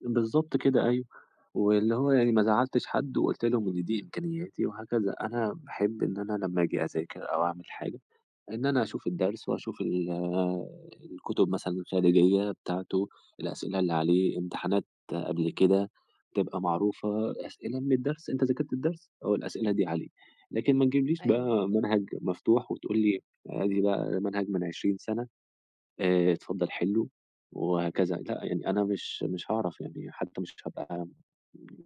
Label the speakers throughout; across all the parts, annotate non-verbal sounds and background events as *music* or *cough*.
Speaker 1: بالضبط كده أيوه، واللي هو يعني ما زَعلتش حد وقُلت لهم إن دي إمكانياتي وهكذا، أنا باحب إن أنا لمّا أجي أذاكر أو أعمل حاجة، إن أنا أشوف الدرس، وأشوف ال الكتب مثلًا
Speaker 2: إمم.
Speaker 1: الخارجية بتاعتُه، الأسئلة اللي عليه، امتحانات قبل كده تبقى معروفة، أسئلة من الدَّرس، أنت ذاكرت الدَّرس أهو الأسئلة دي عليه، لكن ما تجيبليش
Speaker 2: أيوه.
Speaker 1: بقى منهج مفتوح، وتقول لي أدي بقى ده منهج من 20 سنة، آآ اتفضّل حِلّه وهكذا، لأ، يعني أنا مش مش هاعرَف يعني حتى مش هابقى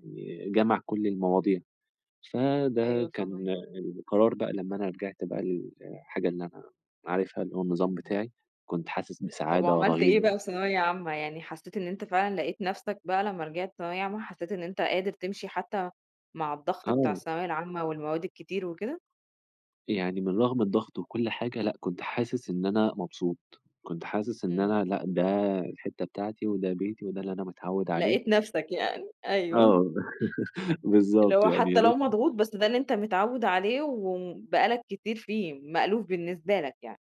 Speaker 1: ي جامع كُلّ المواضيع، فده
Speaker 2: أيوه،
Speaker 1: كان
Speaker 2: فاهماك.
Speaker 1: القرار بقى لمّا أنا رِجعت بقى للحاجة اللي أنا عارفها اللي هو النظام
Speaker 2: اهم.
Speaker 1: بتاعي، كنت حاسس
Speaker 2: طَب
Speaker 1: بسعادة
Speaker 2: وعملت إيه بقى
Speaker 1: رهيبة.
Speaker 2: في ثانوية عامة، يعني حسّيت إن أنت فعلًا لقيت نَفْسك بقى لمّا رِجِعت ثانوية عامة، حسّيت إن أنت قادر تمْشِي حتى مع الضغط بتاع
Speaker 1: آه.
Speaker 2: الثانوية العامة والمواد الكتير وكده؟
Speaker 1: يعني من رغم الضغط وكُلّ حاجة لأ، كنت حاسِس إن أنا مبسوط، كنت حاسِس إن
Speaker 2: إمم.
Speaker 1: أنا لأ، ده الحِتّة بتاعتي، وده بيتي وده اللي أنا متعوِّد عليه.
Speaker 2: لقيت نَفْسك يعني، أيوه. أ
Speaker 1: آه، *laughs*
Speaker 2: اللي
Speaker 1: بالضبط
Speaker 2: هو
Speaker 1: يعني
Speaker 2: حتى
Speaker 1: يا
Speaker 2: لو
Speaker 1: ريت
Speaker 2: مضغوط، بس ده اللي أنت متعود عليه، وبقى لك كتير فيه مألوف بالنسبة لك يعني.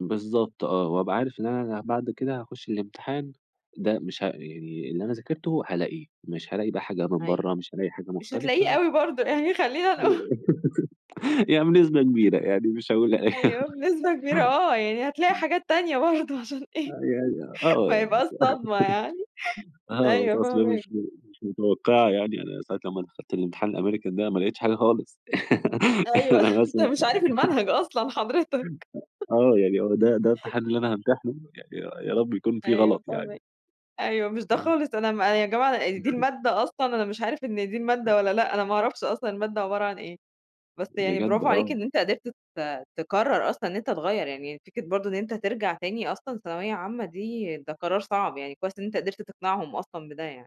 Speaker 1: بالضبط آه، وأبقى عارف إن أنا بعد كده هاخُشّ الامتحان، ده مش ه يعني اللي أنا ذاكرتُه هالاقيه، مش هالاقي بقى حاجة من
Speaker 2: أيوه،
Speaker 1: برّا، مش هالاقي حاجة
Speaker 2: مش هتلاقيه
Speaker 1: مختلفة.
Speaker 2: أوي برضه يعني خلّينا نقول
Speaker 1: *laughs* يعني بنسبة كبيرة، يعني مش هاقول لأ، *laughs*
Speaker 2: أيوه، بنسبة كبيرة آه، يعني هتلاقي
Speaker 1: إمم.
Speaker 2: حاجات تانية برضه عشان إيه
Speaker 1: آه، يعني آه
Speaker 2: ما
Speaker 1: *unintelligible*
Speaker 2: يبقاش صدمة يعني
Speaker 1: *laughs* آه،
Speaker 2: أيوه
Speaker 1: أصل مش
Speaker 2: فاهماك.
Speaker 1: م مش متوقعة يعني، أنا ساعة لمّا دخَلت الامتحان الAmerican ده ما لقيتش حاجة خالص، *laughs*
Speaker 2: أيوه،
Speaker 1: أنا
Speaker 2: أنت
Speaker 1: مثلًا
Speaker 2: مش عارف
Speaker 1: *unintelligible*
Speaker 2: المنهج أصلًا حضرتك.
Speaker 1: *laughs* آه، يعني هو ده ده
Speaker 2: *laughs*
Speaker 1: الامتحان اللي أنا هامتنحه، يا يا رب يكُون في
Speaker 2: أيوه
Speaker 1: غلط يعني.
Speaker 2: فاهماك، أيوه، مش ده
Speaker 1: إمم.
Speaker 2: خالص أنا م يا جماعة دي المادة أصلًا أنا مش عارف إن دي المادة والّا لأ، أنا ما أعرَفش أصلًا المادة عبَارة عن إيه، بس يعني
Speaker 1: بجد
Speaker 2: براڤو عليك
Speaker 1: آه.
Speaker 2: إن أنت قِدرت ت تكرر أصلًا إن أنت تغيّر، يعني فكرة برضه إن أنت ترجَع تاني أصلًا ثانوية عامة دي ده قرار صعب، يعني كويس إن أنت قِدرت تقنعهم أصلًا بده يعني.